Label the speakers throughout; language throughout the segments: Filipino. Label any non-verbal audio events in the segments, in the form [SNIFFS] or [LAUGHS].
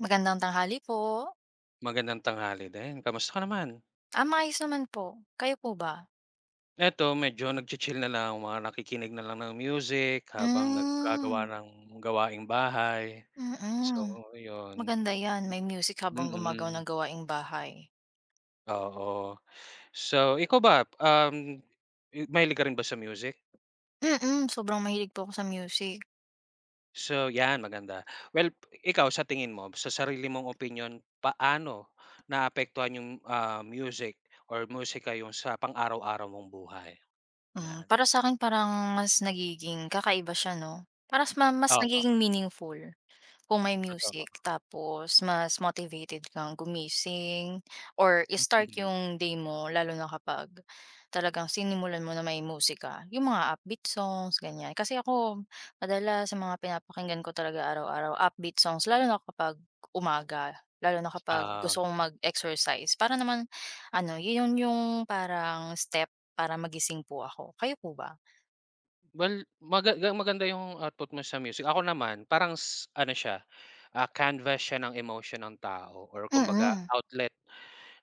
Speaker 1: Magandang tanghali po.
Speaker 2: Magandang tanghali din, kamusta ka naman?
Speaker 1: Ah, maayos naman po, kayo po ba?
Speaker 2: Eto, medyo nagchi-chill na lang mga nakikinig na lang ng music, habang
Speaker 1: Hmm.
Speaker 2: nagagawa ng gawaing bahay. So
Speaker 1: Mm,
Speaker 2: yun.
Speaker 1: maganda yan, may music habang gumagawa
Speaker 2: Mm.
Speaker 1: ng gawaing bahay.
Speaker 2: Oo, so, ikaw ba, uhm, m mahilig ka rin ba sa music?
Speaker 1: Mm, sobrang mahilig po ako sa music.
Speaker 2: So, yan maganda, well, ikaw sa tingin mo, sa sarili mong opinyon paano naapektuhan yung, ah, music or musika yung sa pang araw-araw mong buhay?
Speaker 1: Hmm,
Speaker 2: 'Yan.
Speaker 1: para sakin parang mas nagiging kakaiba siya, 'no. Parang ma mas nagiging
Speaker 2: Oo.
Speaker 1: meaningful, kung may
Speaker 2: Totoo.
Speaker 1: music, tapos mas motivated kang gumising or start yung day mo, lalo na kapag talagang sinimulan mo na may musika, yung mga upbeat songs, ganyan. Kasi ako madalas sa mga pinapakinggan ko talaga araw-araw upbeat songs, lalo na kapag umaga, lalo na kapag
Speaker 2: Ah.
Speaker 1: gusto kong mag exercise, para naman ano, yun yung parang step para magising po ako, kayo po ba?
Speaker 2: Well, maga ga maganda 'yung output mo sa music. Ako naman parang s ano siya, ah, canvas siya ng emotion ng tao or kumbaga
Speaker 1: Mm.
Speaker 2: outlet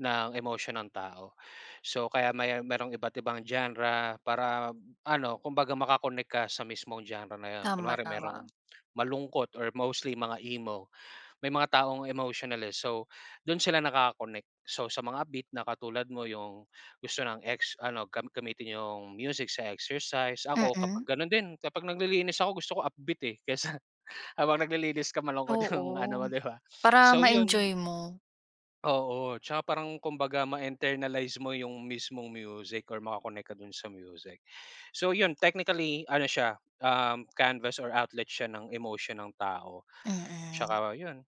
Speaker 2: ng emosyon ng tao. So, kaya may mayron iba't ibang genre para ano, kumbaga maka-connect ka sa mismong genre na yun.
Speaker 1: Tama,
Speaker 2: Kunwari merong
Speaker 1: tama.
Speaker 2: malungkot or mostly mga emo. May mga taong emotional, eh, so do'n sila nakaka-connect. So, sa mga upbeat na katulad mo 'yung gusto ng ex ano, gam gamitin 'yung music sa exercise. Ako kapag
Speaker 1: Mm.
Speaker 2: gano'n din, kapag naglilinis ako gusto ko upbeat, eh, kaysa [CHUCKLES] habang naglilinis ka malungkot 'yung ano
Speaker 1: Oo.
Speaker 2: mo, 'di ba? [SNIFFS]
Speaker 1: Para,
Speaker 2: So yun
Speaker 1: ma-enjoy mo.
Speaker 2: Oo, 'tsaka parang kumbaga ma internalize mo 'yung mismong music or maka-connect ka do'n sa music. [GASPS] So, yun technically ano siya, um, canvas or outlet siya ng emotion ng tao. [GASPS]
Speaker 1: Mm.
Speaker 2: Tsaka 'yun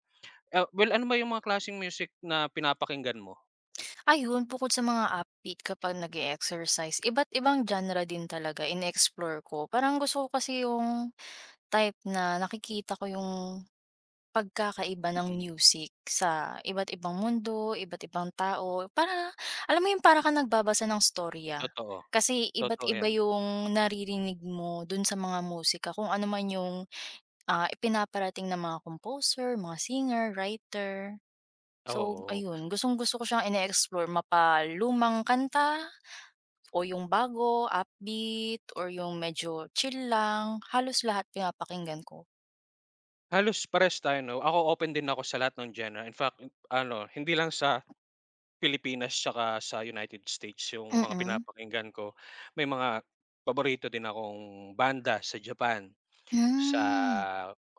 Speaker 2: ah, well ano ba 'yung mga klaseng music na pinapakinggan mo?
Speaker 1: [GASPS] Ayun, bukod sa mga upbeat kapag nag-e-exercise, iba't ibang genre din talaga ine-explore ko. Parang gusto ko kasi 'yung type na nakikita ko 'yung pagkakaiba ng
Speaker 2: Mm.
Speaker 1: music sa iba't ibang mundo, iba't ibang tao, para alam mo yun, para ka nagbabasa ng istorya.
Speaker 2: Totoo.
Speaker 1: Kasi iba't
Speaker 2: Totoo
Speaker 1: iba
Speaker 2: yan.
Speaker 1: 'yung naririnig mo do'n sa mga musika kung anoman 'yung, ah, ipinaparating ng mga composer, mga singer, writer. So,
Speaker 2: Oo. [GASPS]
Speaker 1: ayun, gustong-gusto ko siyang ine-explore, mapa-lumang kanta o 'yung bago, upbeat or 'yung medyo chill lang, halos lahat pinapakinggan ko.
Speaker 2: Halos parehas tayo, 'no? Ako, open din ako sa lahat ng genre. In fact, ano, hindi lang sa Pilipinas tsaka sa United States yung mga
Speaker 1: Mhm.
Speaker 2: pinapakinggan ko. May mga paborito din akong banda sa Japan, sa,
Speaker 1: Hmm.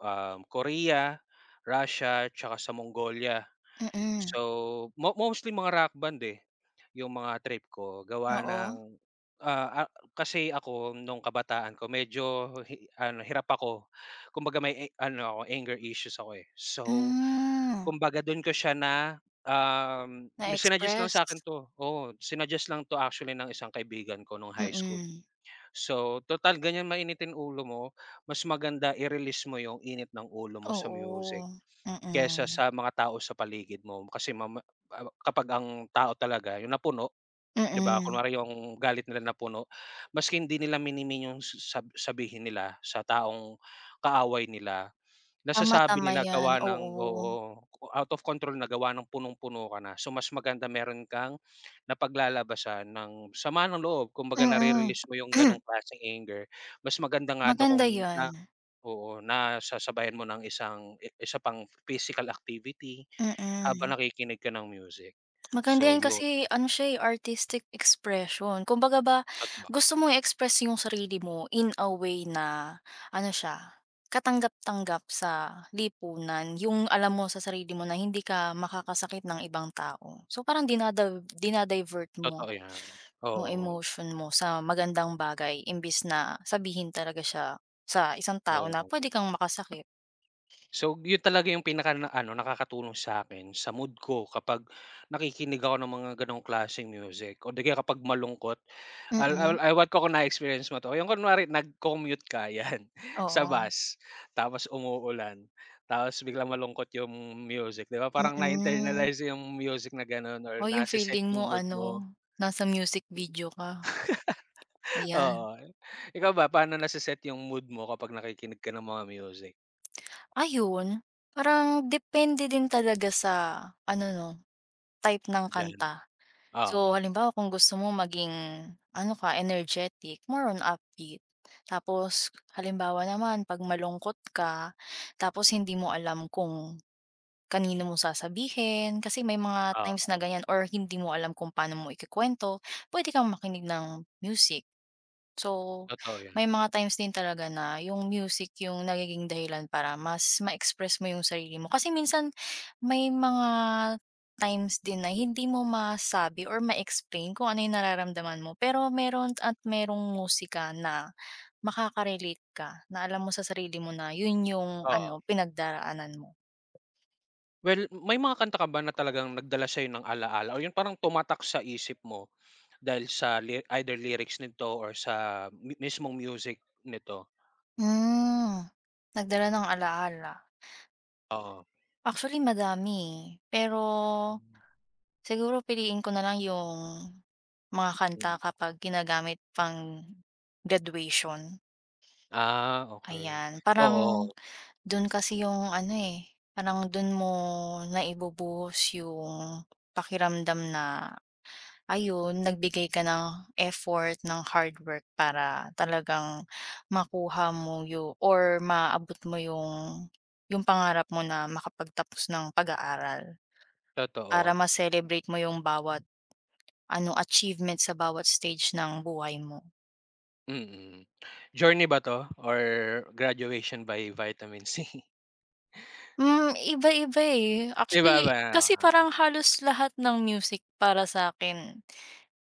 Speaker 2: um, Korea, Russia, tsaka sa Mongolia.
Speaker 1: Mhm.
Speaker 2: So, mo mostly mga rock band, eh, yung mga trip ko gawa
Speaker 1: Oo.
Speaker 2: ng, ah ah, kasi ako nung kabataan ko, medyo hi ano hirap ako. Kumbaga, may, eh, ano ako, anger issues ako, eh. So,
Speaker 1: Hmm.
Speaker 2: kumbaga, dun ko siya na um, may sinaggest lang sa'kin
Speaker 1: Na-express.
Speaker 2: 'to, oo, sinaggest lang 'to actually ng isang kaibigan ko nung high school.
Speaker 1: Mhm.
Speaker 2: So, tutal ganyan, mainitin ulo mo, mas maganda i-release mo yung init ng ulo mo sa music
Speaker 1: Oo,
Speaker 2: kesa
Speaker 1: mhm.
Speaker 2: sa mga tao sa paligid mo. Kasi mama a a kapag ang tao talaga yung napuno, 'di ba?
Speaker 1: Mhm.
Speaker 2: Kunwari yung galit nila napuno, mas hindi nila mini-mean yung sab sabihin nila sa taong kaaway nila,
Speaker 1: Tama,
Speaker 2: nasasabi
Speaker 1: tama
Speaker 2: nila
Speaker 1: yan,
Speaker 2: gawa ng,
Speaker 1: oo.
Speaker 2: oo, out of control na gawa ng punong-puno ka na. So, mas maganda meron kang, napaglalabasan ng sama ng loob. Kumbaga,
Speaker 1: Mhm.
Speaker 2: nare-release mo yung ganong
Speaker 1: [CLEARS THROAT]
Speaker 2: klaseng anger. Mas maganda nga daw kung
Speaker 1: Maganda
Speaker 2: na na,
Speaker 1: 'yan.
Speaker 2: oo, nasasabayan mo ng isang isa pang physical activity, habang
Speaker 1: Mhm.
Speaker 2: nakikinig ka ng music.
Speaker 1: Maganda
Speaker 2: So,
Speaker 1: yan,
Speaker 2: yun.
Speaker 1: kasi ano siya, eh, aristic expression. Kumbaga, ba
Speaker 2: At ba
Speaker 1: gusto mo i-express yung sarili mo in a way na ano siya katanggap-tanggap sa lipunan, yung alam mo sa sarili mo na hindi ka makakasakit ng ibang tao. So, parang dinadav dina-divert mo
Speaker 2: Totoo yan,
Speaker 1: mo
Speaker 2: oo.
Speaker 1: emotion mo sa magandang bagay imbis na sabihin talaga siya sa isang tao na pwede
Speaker 2: Oo.
Speaker 1: kang makasakit.
Speaker 2: So, yun talaga yung pinaka ano nakakatulong sa'kin sa mood ko. Kapag nakikinig ako ng mga ganong klaseng music. O 'di kaya kapag malungkot al al
Speaker 1: Mm.
Speaker 2: ewan ko kung na experience mo 'to, yung kunwari nag-commute ka, yan sa
Speaker 1: Oo.
Speaker 2: bus tapos, umuulan. Tapos biglang malungkot yung music, 'di ba? Parang
Speaker 1: Mm.
Speaker 2: na-internalize yung music na gano'n or
Speaker 1: Oh, yung
Speaker 2: na-seset
Speaker 1: feeling
Speaker 2: yung
Speaker 1: mo.
Speaker 2: mood mo.
Speaker 1: Ano, nasa music video ka.
Speaker 2: [LAUGHS]
Speaker 1: Ayan.
Speaker 2: Oo, ikaw ba? Paano nase-set yung mood mo kapag nakikinig ka ng mga music?
Speaker 1: Ayun, parang depende din talaga sa ano ‘no, type ng
Speaker 2: Gen
Speaker 1: kanta.
Speaker 2: ah,
Speaker 1: So
Speaker 2: oo.
Speaker 1: halimbawa, kung gusto mo maging ano ka, energetic more on upbeat. Tapos halimbawa naman ‘pag malungkot ka tapos hindi mo alam kung kanino mo sasabihin, kasi may mga times na
Speaker 2: Oo.
Speaker 1: ganiyan or hindi mo alam kung pano mo iku-kuwento, puwede kang makinig ng music. So, [GASPS]
Speaker 2: Totoo ‘yon.
Speaker 1: may mga times din talaga na yung music yung nagiging dahilan para mas ma-express mo yung sarili mo. Kasi minsan, may mga times din na hindi mo masabi or ma-explain kung ano yung nararamdaman mo pero meron at merong musika na makaka-relate ka na alam mo sa sarili mo na yun yung
Speaker 2: Oo.
Speaker 1: ano, pinagdaraanan mo.
Speaker 2: Well, may mga kanta ka ba na talagang nagdala sayo ng alaala o yung parang tumatak sa isip mo? [GASPS] Dahil sa ly either lyrics nito or sa mi mismong music nito?
Speaker 1: Hmm, nagdala ng alaala.
Speaker 2: Oo.
Speaker 1: Actually madami, eh. Pero,
Speaker 2: Mm.
Speaker 1: siguro piliin ko na lang yung mga kanta
Speaker 2: Mm.
Speaker 1: kapag ginagamit pang-graduation.
Speaker 2: Ah, okey,
Speaker 1: Ayan, parang
Speaker 2: oo.
Speaker 1: do'n kasi 'yung ano, eh, parang do'n mo na ibubuhos yung pakiramdam na, ayun, nagbigay ka ng effort ng hard work, para talagang makuha mo yu or maabot mo 'yung, 'yung pangarap mo na makapagtapos ng pag-aaral. Para
Speaker 2: Totoo.
Speaker 1: ma-celebrate mo yung bawat ano, achievement sa bawat stage ng buhay mo.
Speaker 2: Mm. Journey ba 'to or Graduation by Vitamin C?
Speaker 1: Hmm, iba-iba eh,
Speaker 2: Iba ba,
Speaker 1: actually,
Speaker 2: eh.
Speaker 1: kasi
Speaker 2: Oo.
Speaker 1: parang halos lahat ng music para sa'kin,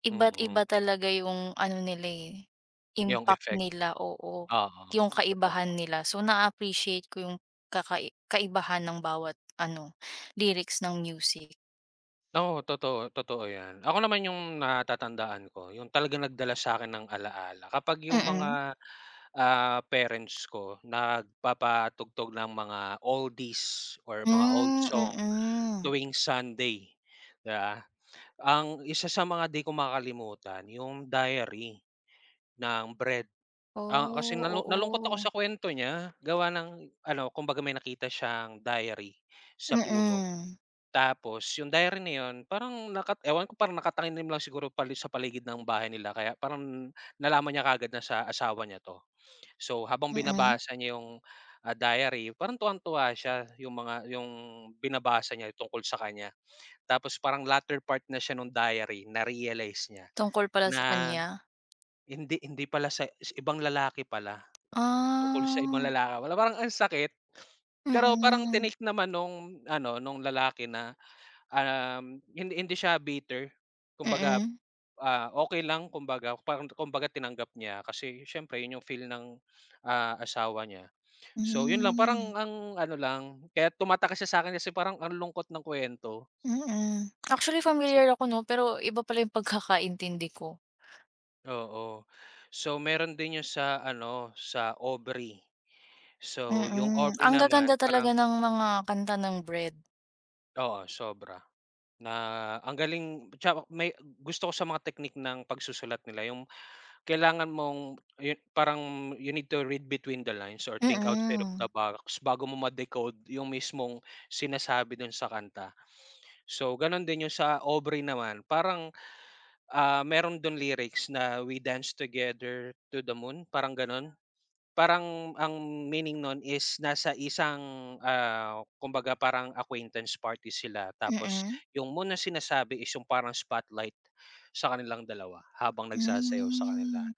Speaker 1: iba't
Speaker 2: Mm.
Speaker 1: iba talaga 'yung ano nila eh,
Speaker 2: Yung
Speaker 1: impact
Speaker 2: effect.
Speaker 1: nila oo.
Speaker 2: Oo,
Speaker 1: 'Yung kaibahan
Speaker 2: totoo.
Speaker 1: nila, so na appreciate ko 'yung kakai kaibahan ng bawat ano [GASPS] lyrics ng music.
Speaker 2: Oo, totoo, totoo 'yan. Ako naman yung natatandaan ko 'yung talagang nagdala sa akin ng alaala kapag 'yung
Speaker 1: Mm.
Speaker 2: mga, ah, parents ko nagpapatugtog ng mga oldies or mga old
Speaker 1: Hmm,
Speaker 2: song
Speaker 1: mm.
Speaker 2: tuwing Sunday, 'di ba? Ang isa sa mga 'di ko makakalimutan 'yong Diary ng Bread. Ah, kasi
Speaker 1: Oh,
Speaker 2: nalu nalungkot ako
Speaker 1: oo.
Speaker 2: sa kuwento niya, gawa ng ano, kumbaga may nakita siyang diary sa puno,
Speaker 1: Mm.
Speaker 2: tapos yung diary na yun parang nakat ewan ko parang nakatanim na lang siguro pali sa paligid ng bahay nila kaya parang nalaman niya kaagad na sa asawa niya 'to. [SNIFFS] So, habang
Speaker 1: Mm.
Speaker 2: binabasa niya 'yong, ah, diary parang tuwang-tuwa siya 'yung mga yung binabasa niya tungkol sa kanya. Tapos parang latter part na siya no'ng diary, na-realize niya
Speaker 1: Tungkol pala sa
Speaker 2: na
Speaker 1: kanya?
Speaker 2: hindi hindi pala sa ibang lalaki pala, tungkol sa ibang
Speaker 1: Ah.
Speaker 2: lalaki pala. Parang ang sakit, [SNIFFS] pero, parang
Speaker 1: Mm.
Speaker 2: tinake naman nung ano, nung lalaki na, um, hindi hindi siya bitter kumbaga,
Speaker 1: Mm.
Speaker 2: ah, okey lang kumbaga, parang kumbaga tinanggap niya kasi siyempre 'yon 'yong feel ng, [SNIFFS] ah, asawa niya. So, yun lang
Speaker 1: Hmm
Speaker 2: parang ang ano lang kaya tumatakak siya sa akin kasi parang ang lungkot ng kuwento.
Speaker 1: Mm, actually
Speaker 2: [SNIFFS] So.
Speaker 1: pamilyar ako 'no, pero iba pala yung [CHUCKLES] pagkakaintindi ko.
Speaker 2: Oo. So, meron din 'yung sa ano sa Aubrey. So 'yung
Speaker 1: Mm.
Speaker 2: Aubrey
Speaker 1: Ang
Speaker 2: naman
Speaker 1: gaganda talaga
Speaker 2: parang
Speaker 1: ng mga kanta ng Bread.
Speaker 2: oo, sobra. Na ang galing, tsaka may gusto ko sa mga technique ng pagsusulat nila 'yung kailangan mong ayon parang you need to read between the lines or think outside of the
Speaker 1: Mm.
Speaker 2: box bago mo ma-decode 'yung mismong sinasabi do'n sa kanta. So, ganon din 'yung sa Aubrey naman parang, ah, meron do'n lyrics na, "We dance together to the moon," parang gano'n. Parang ang meaning no'n is nasa isang, ah, kumbaga parang acquaintance party sila, tapos
Speaker 1: Mm.
Speaker 2: 'yung moon na sinasabi is 'yung parang spotlight sa kanilang dalawa habang nagsasayaw sa kanila.
Speaker 1: Hmm.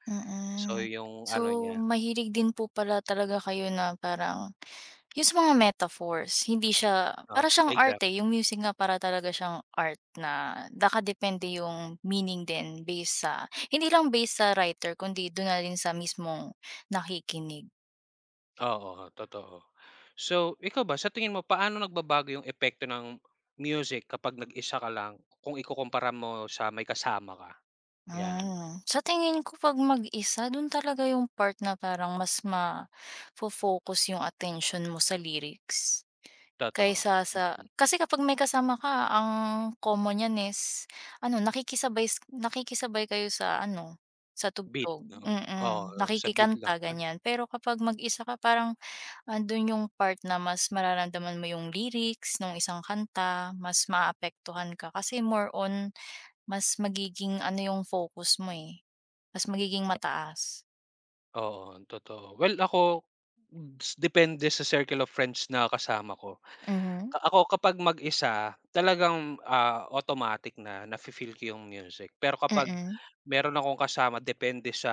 Speaker 2: So
Speaker 1: Mm.
Speaker 2: 'yung ano
Speaker 1: So,
Speaker 2: niya.
Speaker 1: mahilig din po pala talaga kayo na parang 'yung sa mga metaphors hindi siya
Speaker 2: Oh,
Speaker 1: para siyang art
Speaker 2: exactly.
Speaker 1: eh. 'Yung music nga para talaga siyang art na nakadepende 'yung meaning din base sa hindi lang base sa writer kundi do'n na rin sa mismong nakikinig.
Speaker 2: Oo, totoo. So, ikaw ba sa tingin mo paano nagbabago 'yung epekto ng music kapag nag-isa ka lang kung ikukumpara mo sa may kasama ka? 'Yan.
Speaker 1: Mm. Sa tingin ko, 'pag mag-isa, do'n talaga 'yung part na parang mas mafo-focus 'yung atensyon mo sa lyrics.
Speaker 2: Totoo.
Speaker 1: Kaysa sa kasi kapag may kasama ka, ang common niyan is ano, nakikisabay s nakikisabay kayo sa ano sa
Speaker 2: Beat
Speaker 1: tugtog.
Speaker 2: 'no.
Speaker 1: Mm,
Speaker 2: Oo, sa beat lang.
Speaker 1: nakikikanta ganyan. Pero kapag mag-isa ka parang ando'n 'yung part na mas mararamdaman mo 'yung lyrics 'nung isang kanta. Mas maapektuhan ka kasi more on mas magiging ano 'yung focus mo eh, mas magiging mataas.
Speaker 2: Oo, totoo. Well, ako, [HICCUPS] depende sa circle of friends na kasama ko.
Speaker 1: Mhm.
Speaker 2: Ako kapag mag-isa, talagang, ah, automatic na nafe-feel ko yung music. Pero kapag
Speaker 1: Mm.
Speaker 2: meron akong kasama depende sa,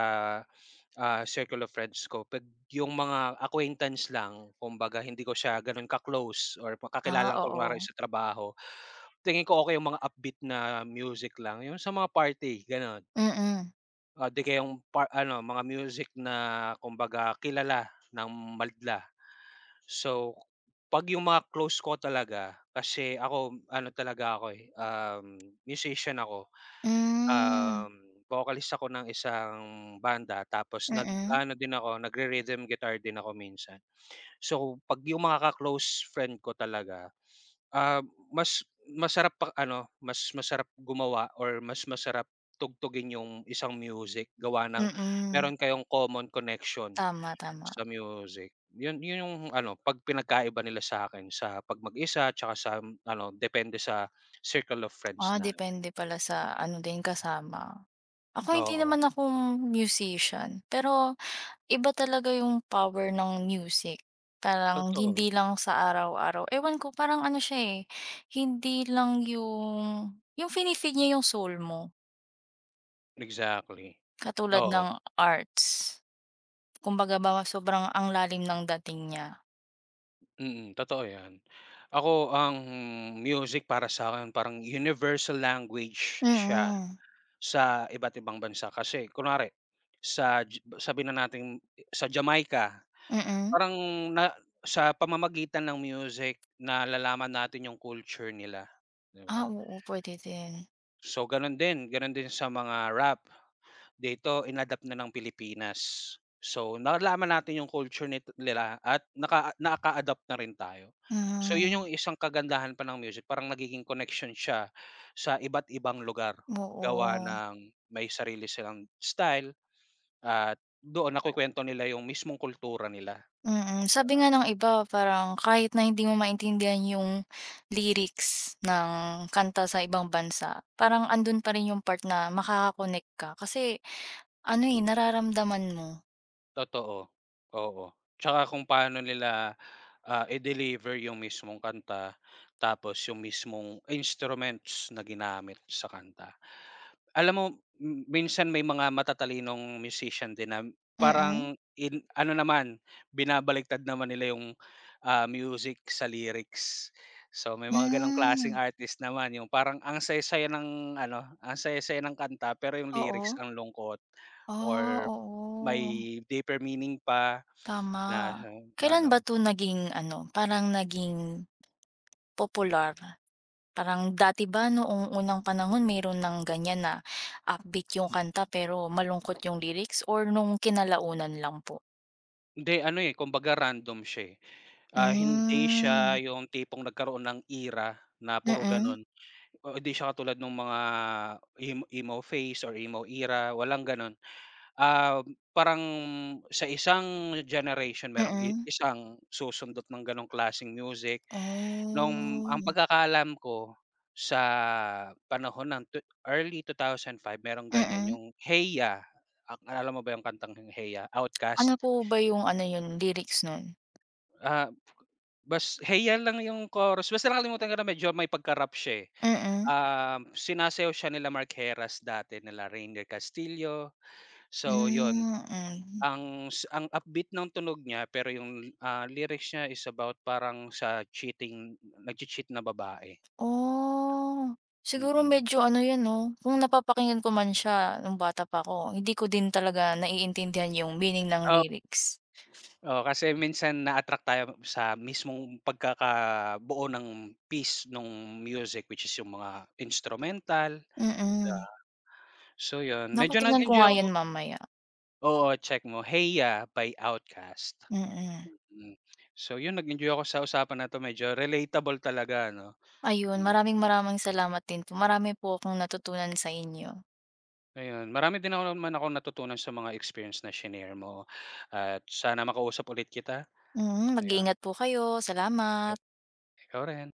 Speaker 2: ah, circle of friends ko, pag yung mga acquaintance lang, kumbaga hindi ko siya ganon ka-close or
Speaker 1: Ah,
Speaker 2: kakilala lang kunyari
Speaker 1: oo.
Speaker 2: sa trabaho, tingin ko okey yung mga upbeat na music lang. Yun sa mga party ganon,
Speaker 1: Mm.
Speaker 2: ah, 'di kayong ano mga music na kumbaga kilala ng madla. So, pag yung mga close ko talaga kasi ako ano talaga ako eh, um, musician ako,
Speaker 1: Hmm.
Speaker 2: um, vocalist ako ng isang banda, tapos nag
Speaker 1: Mm.
Speaker 2: ano din ako nagre-rhythm guitar din ako minsan. So, pag yung mga ka-close friend ko talaga, ah, mas masarap pa ano, mas masarap gumawa, or mas masarap tugtugin yung isang music gawa ng
Speaker 1: Mm.
Speaker 2: meron kayong common connection
Speaker 1: Tama, tama.
Speaker 2: sa music yun yun yung ano pag pinagkaiba nila sakin sa pag mag-isa tsaka sa ano depende sa circle of friends
Speaker 1: Ah,
Speaker 2: natin.
Speaker 1: depende pala sa ano din kasama. Ako hindi
Speaker 2: Oo.
Speaker 1: naman ako musician pero iba talaga yung power ng music, parang
Speaker 2: Totoo.
Speaker 1: hindi lang sa araw-araw ewan ko, parang ano siya eh, hindi lang yung yung fini-feed nya yung soul mo.
Speaker 2: Exactly,
Speaker 1: Katulad
Speaker 2: oo.
Speaker 1: ng arts, kumbaga ba sobrang ang lalim ng dating niya.
Speaker 2: Mm, totoo yan. Ako ang music para sa'kin parang, universal language siya
Speaker 1: Mm.
Speaker 2: sa iba't ibang bansa, kasi kunwari sa Ji sabihin na natin, sa Jamaica
Speaker 1: Mm.
Speaker 2: parang na sa pamamagitan ng music nalalaman natin yung culture nila. Di
Speaker 1: Ah,
Speaker 2: ba?
Speaker 1: oo pwede din.
Speaker 2: So, ganun din, gano'n din sa mga rap, dito in-adapt na ng Pilipinas. So, nalaman natin yung culture ni nila at nakaa nakaadapt na rin tayo. So, yun yung
Speaker 1: Hmm.
Speaker 2: isang kagandahan pa ng music parang nagiging connection siya, sa iba't ibang lugar, gawa
Speaker 1: Oo.
Speaker 2: ng may sarili silang style at doon nakwekwento nila yung mismong kultura nila,
Speaker 1: Mm,
Speaker 2: di
Speaker 1: sabi nga
Speaker 2: ba?
Speaker 1: ng iba, parang kahit na hindi mo maintindihan yung lyrics ng kanta sa ibang bansa, parang andun pa rin yung part na makaka-connect ka, kasi ano, eh, nararamdaman mo.
Speaker 2: Totoo, oo, tsaka kung paano nila, ah, i-deliver yung mismong kanta, tapos yung mismong instruments na ginamit sa kanta. Alam mo, m minsan may mga matatalinong musician din na
Speaker 1: Mm.
Speaker 2: parang in ano naman binabaliktad naman nila yung, ah, music sa lyrics. So, may mga ganong klaseng
Speaker 1: Hmm.
Speaker 2: artist naman, yung parang ang saya saya ng ano ang saya saya ng kanta, pero yung lyrics
Speaker 1: Oo.
Speaker 2: ang lungkot
Speaker 1: Ah,
Speaker 2: or
Speaker 1: oo.
Speaker 2: may deeper meaning pa na
Speaker 1: Tama, kailan ba
Speaker 2: ano.
Speaker 1: to naging ano, parang naging popular, parang dati ba noong unang panahon meron ng ganyan na upbeat yung kanta, pero malungkot yung lyrics or nung kinalaunan lang po?
Speaker 2: Hindi ano, eh, kumbaga random siya, eh. Ah, hindi
Speaker 1: Hmm.
Speaker 2: siya yung tipong nagkaroon ng era na puro
Speaker 1: Mm.
Speaker 2: ganon, ah hindi siya katulad nung mga em emo face or emo era, walang ganon. Um, parang sa isang generation merong i
Speaker 1: Mm.
Speaker 2: isang susundot ng ganong klaseng music, nung ang
Speaker 1: Hmm.
Speaker 2: pagkakaalam ko sa, panahon ng twe early 2005 mayron ganyan,
Speaker 1: Mm.
Speaker 2: yung "Hey Ya!" Ak naalala mo ba yung kantang "Hey Ya" OutKast?
Speaker 1: Ano po ba yung ano yun, lyrics nun?
Speaker 2: Ah, bas “Hey, ya!” lang yung chorus. Basta nakalimutan ko na medyo may pagka-rap siya, eh.
Speaker 1: Mm.
Speaker 2: Um, sinasayaw siya nila Mark Herras dati, nila Ranier Castillo, so ‘yon.
Speaker 1: Hmm, mhm.
Speaker 2: Ang s ang upbeat ng tunog niya, pero yung, ah, lyrics niya is about parang sa cheating nag-chea-cheat na babae.
Speaker 1: Oh. Siguro
Speaker 2: Mm.
Speaker 1: medyo ano ‘yon 'no, kung napapakinggan ko man siya nung bata pa ako, hindi ko din talaga naiintindihan yung meaning ng
Speaker 2: Ah
Speaker 1: lyrics.
Speaker 2: Oo kasi minsan na-attract tayo sa mismong pagkakabuo ng piece nung music, which is yung mga instrumental, 'di ba.
Speaker 1: Mm.
Speaker 2: So yun,
Speaker 1: Naku,
Speaker 2: medyo
Speaker 1: tignan ko
Speaker 2: nag-enjoy
Speaker 1: nga
Speaker 2: ako
Speaker 1: ‘yan mamaya.
Speaker 2: Oo check mo, Hey Ya! by OutKast.
Speaker 1: Mm.
Speaker 2: Mm, so yun nag-enjoy ako sa usapan na 'to. Medyo relatable talaga ano,
Speaker 1: Ayun,
Speaker 2: mm.
Speaker 1: maraming-maraming salamat din po. Marami po akong natutunan sa inyo.
Speaker 2: Ayun, marami din nam namanan ako natutunan sa mga experience na shinare mo. [GASPS] At sana makausap ulit kita.
Speaker 1: Mhm.
Speaker 2: Ayon.
Speaker 1: Mag-ingat po kayo,
Speaker 2: E
Speaker 1: salamat.
Speaker 2: ikaw rin.